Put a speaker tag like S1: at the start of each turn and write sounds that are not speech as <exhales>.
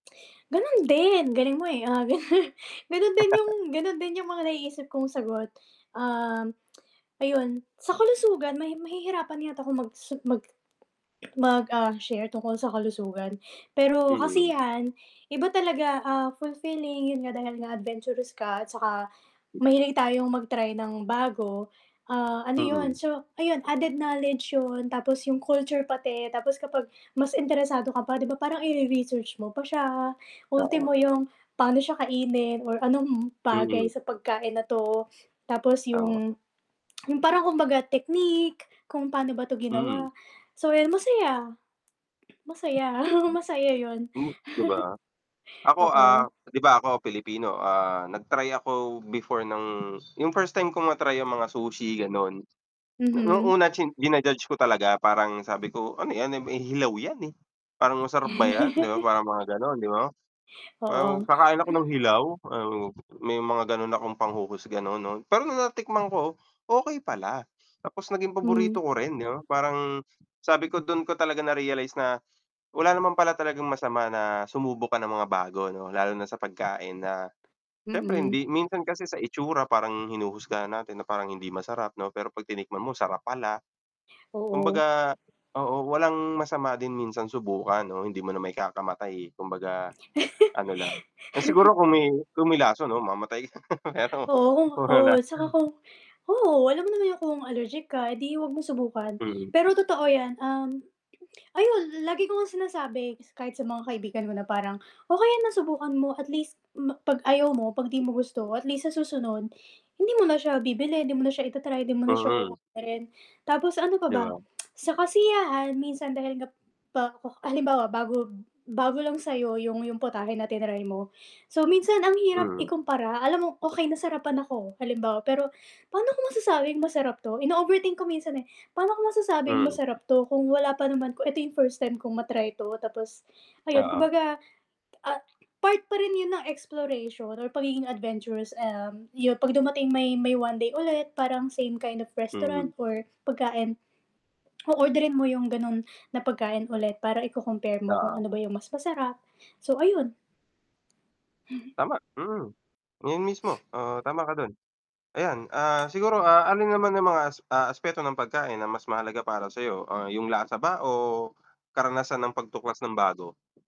S1: Ganun din, galing mo, eh. Ah, <chuckles> ganun din yung ganun din yung mga naiisip kong sagot, um, <clicks tongue> ayun. Sa kalusugan mahi mahihirapan yata akong magsu mag <swallows> mag, ah, share tungkol sa kalusugan. Pero
S2: Mm.
S1: kasi 'yan iba talaga, ah, fulfilling yun nga dahil nga adventurous ka at saka mahilig tayong mag-try ng bago, ah, ano yun
S2: Mm.
S1: so, ayun added knowledge 'yon tapos yung culture pati tapos kapag mas interesado ka pa 'di ba parang ire-research mo pa siya.
S2: Oo.
S1: Ultimo yung pa'no siya kainin or anong bagay
S2: Mm.
S1: sa pagkain na 'to. Tapos
S2: Tama.
S1: yung <clicks tongue> yung parang kumbaga technique kung pa'no ba 'to ginawa.
S2: Mm.
S1: So, yun masaya. Masaya, oo masaya 'yon.
S2: Hmm, 'di ba? Ako,
S1: <chuckles> Oo.
S2: ah, 'di ba ako Pilipino, ah, nag-try ako before ng yung first time ko ma-try yung mga sushi, gano'n. Nu nung
S1: Mm.
S2: una chin jina-judge ko talaga. Parang sabi ko ano 'yan, eh eh, hilaw 'yan, eh. Parang masarap ba 'yan? Di ba parang mga gano'n, 'di ba.
S1: <chuckles> Oo.
S2: Parang kakain ako ng
S1: <exhales>
S2: hilaw, um, may mga gano'n akong panghuhusga noon 'no. Pero nung natikman ko, okey pala tapos naging paborito
S1: Hmm.
S2: ko rin, 'di ba? Parang sabi ko, dun ko talaga na-realize na wala naman pala talagang masama na sumubok ka ng mga bago 'no lalo na sa pagkain na syempre
S1: Mm.
S2: hindi minsan kasi sa itsura parang hinuhusgahan natin na parang hindi masarap 'no. Pero 'pag tinikman mo, sarap pala.
S1: Oo.
S2: Kumbaga oo, walang masama din minsan subukan 'no, hindi mo naman ikakamatay, eh. Kumbaga ano lang siguro kung may kung may lason 'no mamamatay <laughs> pero
S1: Oo,
S2: kung
S1: oo.
S2: wala.
S1: Tsaka kung oo, alam mo naman yung kung allergic ka edi 'wag mong subukan.
S2: Mm.
S1: Pero totoo yan, um, ayun lagi ko ngang sinasabi kahit sa mga kaibigan mo na parang, "Okey 'yan na subukan mo at least ma 'pag ayaw mo, 'pag 'di mo gusto at least sa susunod hindi mo na siya bibilihin, hindi mo na siya i-ta-try, 'di mo na siya
S2: Mm.
S1: oorderin." Tapos ano pa
S2: 'Di
S1: ba?
S2: ba?
S1: <clicks tongue> sa kasiyahan minsan dahil nga pak halimbawa, bago bago lang sa'yo 'yong 'yong putahe na tinray mo. So, minsan ang hirap
S2: Mm.
S1: ikumpara. Alam mo okey nasarapan ako halimbawa, pero pa'no ko masasabing masarap 'to? Ino-overthink ko minsan, eh. Pa'no ko masasabing
S2: Mm.
S1: masarap 'to kung wala pa naman ko ito yung first time kong ma-try 'to tapos ayun
S2: Oo.
S1: kumbaga, ah, part pa rin yun ng exploration or pagiging adventurous, um, yu 'pag dumating may may 1 day ulit, parang same kind of restaurant
S2: Mhm.
S1: or pagkain, <clicks tongue> o-orderin mo yung ganun na pagkain ulit para iko-compare mo kung
S2: Oo.
S1: ano ba yung mas masarap. So, ayun.
S2: Tama, mm. Yun mismo. Ah, tama ka dun. Ayan, ah, siguro, ah, alin naman yung mga as ah, aspeto ng pagkain na mas mahalaga para sa'yo, ah, yung lasa ba o karanasan ng pagtuklas ng bago?